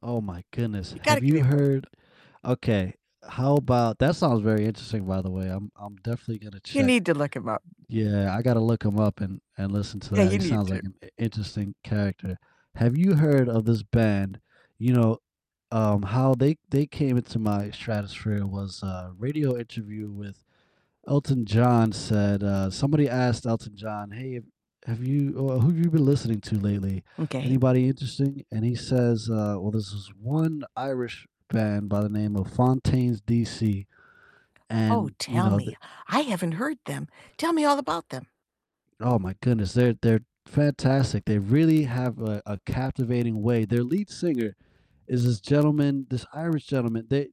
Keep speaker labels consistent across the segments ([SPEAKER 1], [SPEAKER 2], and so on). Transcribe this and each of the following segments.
[SPEAKER 1] Oh my goodness,
[SPEAKER 2] You gotta
[SPEAKER 1] have
[SPEAKER 2] give me
[SPEAKER 1] you
[SPEAKER 2] one.
[SPEAKER 1] heard Okay, how about That song's very interesting, by the way, I'm I'm definitely gonna
[SPEAKER 2] You
[SPEAKER 1] check
[SPEAKER 2] need to look him up.
[SPEAKER 1] Yeah, I gotta look him up, and and listen to
[SPEAKER 2] Yeah,
[SPEAKER 1] that,
[SPEAKER 2] you
[SPEAKER 1] he
[SPEAKER 2] need
[SPEAKER 1] sounds
[SPEAKER 2] to.
[SPEAKER 1] like an i interesting character. Have you heard of this band? You know, um, how they they came into my stratosphere was a radio interview with Elton John said, uh somebody asked Elton John, "Hey, have have you, uh who've you been listening to lately?
[SPEAKER 2] M'kay.
[SPEAKER 1] Anybody interesting?" And he says, uh, "Well, there's this one Irish band by the name of Fontaines DC."
[SPEAKER 2] Oh,
[SPEAKER 1] And, you
[SPEAKER 2] tell
[SPEAKER 1] know, the
[SPEAKER 2] me, I haven't heard them. Tell me all about them.
[SPEAKER 1] Oh my goodness, they're they're fantastic, they've really have a a captivating way, their lead singer is this gentleman this Irish gentleman, they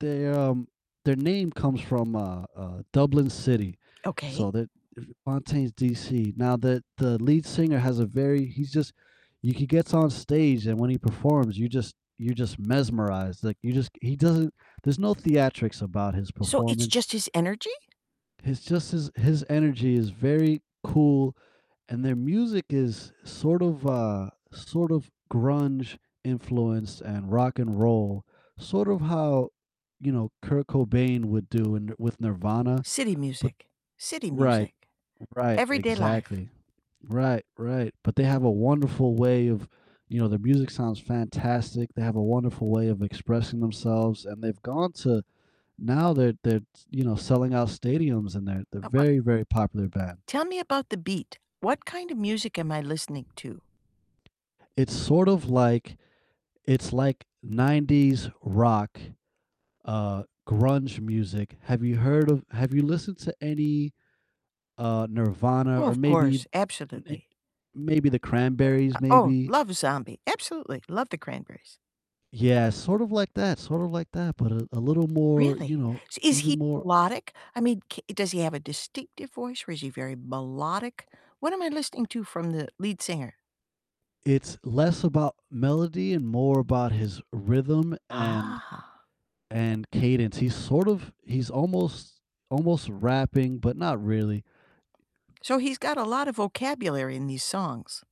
[SPEAKER 1] they, um their name comes from, uh uh, Dublin City,
[SPEAKER 2] Okay.
[SPEAKER 1] so they're F Fontaines DC. Now, the the lead singer has a very he's just you he gets on stage, and when he performs, you just you're just mesmerized, like, you just he doesn't there's no theatrics about his
[SPEAKER 2] So it's
[SPEAKER 1] performance.
[SPEAKER 2] just his energy?
[SPEAKER 1] He's just this His energy is very cool, and their music is sort of, uh sort of grunge influenced, and rock and roll, sort of how, you know, Kurt Cobain would do in with Nirvana,
[SPEAKER 2] City
[SPEAKER 1] but
[SPEAKER 2] music. City
[SPEAKER 1] Right.
[SPEAKER 2] music.
[SPEAKER 1] Right,
[SPEAKER 2] Everyday life.
[SPEAKER 1] exactly. Right, right. But they have a wonderful way of You know, their music sounds fantastic, they have a wonderful way of expressing themselves, and they've gone to now they're they're t you know, selling out stadiums, and they're they're a
[SPEAKER 2] Uh, what
[SPEAKER 1] very, very popular band.
[SPEAKER 2] Tell me about the beat. What kind of music am I listening to?
[SPEAKER 1] It's sort of like It's like '90s rock, uh, grunge music. Have you heard of Have you listened to any, uh, Nirvana
[SPEAKER 2] Oh,
[SPEAKER 1] or
[SPEAKER 2] of
[SPEAKER 1] maybe
[SPEAKER 2] course,
[SPEAKER 1] ne
[SPEAKER 2] absolutely.
[SPEAKER 1] maybe The Cranberries,
[SPEAKER 2] Uh, oh,
[SPEAKER 1] maybe?
[SPEAKER 2] love Zombie. Absolutely, love The Cranberries.
[SPEAKER 1] Yeah, sort of like that, sort of like that, but a a little more, you
[SPEAKER 2] Really?
[SPEAKER 1] know
[SPEAKER 2] Is he
[SPEAKER 1] even more
[SPEAKER 2] melodic? I mean, c does he have a distinctive voice, or is he very melodic? What am I listening to from the lead singer?
[SPEAKER 1] It's less about melody, and more about his rhythm, and
[SPEAKER 2] Ah.
[SPEAKER 1] and cadence, he's sort of he's almost almost rapping, but not really.
[SPEAKER 2] So he's got a lot of vocabulary in these songs?